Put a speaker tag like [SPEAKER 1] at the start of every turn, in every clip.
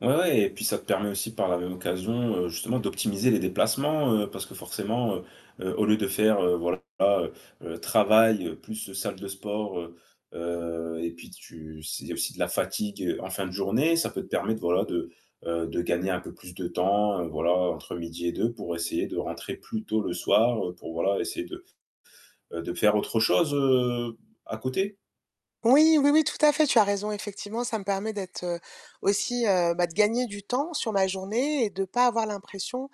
[SPEAKER 1] Ouais, ouais et puis ça te permet aussi par la même occasion, heu, justement, d'optimiser les déplacements, heu, parce que, forcément, heu heu, au lieu de faire, heu, voilà, heu heu, travail plus salle de sport, heu heu et puis tu s il y a aussi de la fatigue en fin de journée, ça peut te permettre, voilà de, heu, de gagner un peu plus de temps, heu, voilà, entre midi et deux pour essayer de rentrer plus tôt le soir, heu, pour voilà, essayer de, heu, de faire autre chose, heu, à côté.
[SPEAKER 2] Oui, oui, oui, tout à fait, tu as raison, effectivement, ça me permet d'être, heu, aussi heu, bah, de gagner du temps sur ma journée et de pas avoir l'impression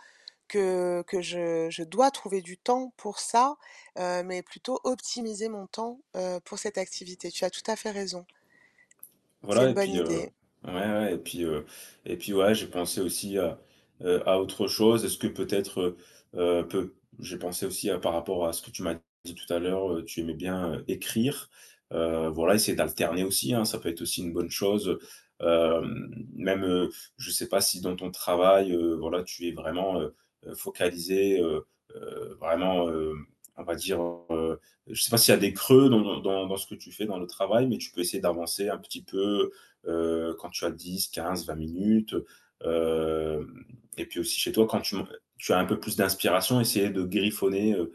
[SPEAKER 2] que que je je dois trouver du temps pour ça, heu, mais plutôt optimiser mon temps, heu, pour cette activité. Tu as tout à fait raison. C'est
[SPEAKER 1] Voilà
[SPEAKER 2] une
[SPEAKER 1] et
[SPEAKER 2] bonne
[SPEAKER 1] puis heu,
[SPEAKER 2] idée!
[SPEAKER 1] ouais, ouais et puis, heu et puis, ouais, j'ai pensé aussi à, heu, à autre chose, est-ce que peut-être, heu, peut j'ai pensé aussi par rapport à ce que tu m'as dit tout à l'heure, heu, tu aimais bien, heu, écrire, heu, voilà, essayer d'alterner aussi, hein, ça peut être aussi une bonne chose, heu, hem, même, heu, je sais pas si dans ton travail, heu, voilà, tu es vraiment, heu heu, focalisé, heu heu, vraiment, heu, on va dire heu- heu, je sais pas s'il y a des creux dans dans dans ce que tu fais dans le travail mais tu peux essayer d'avancer un petit peu, heu, quand tu as 10-15-20 minutes, heu, hem et puis aussi chez toi quand tu m tu as un peu plus d'inspiration, essayer de griffonner, heu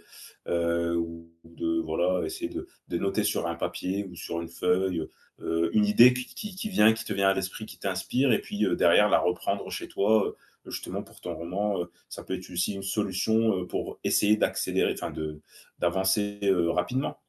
[SPEAKER 1] heu, ou de voilà, essayer de de noter sur un papier ou sur une feuille, heu heu, une idée qui qui qui vient qui te vient à l'esprit, qui t'inspire et puis, heu, derrière la reprendre chez toi, heu, justement pour ton roman, heu, ça peut être aussi une solution, heu, pour essayer d'accélérer, enfin, de d'avancer, heu, rapidement.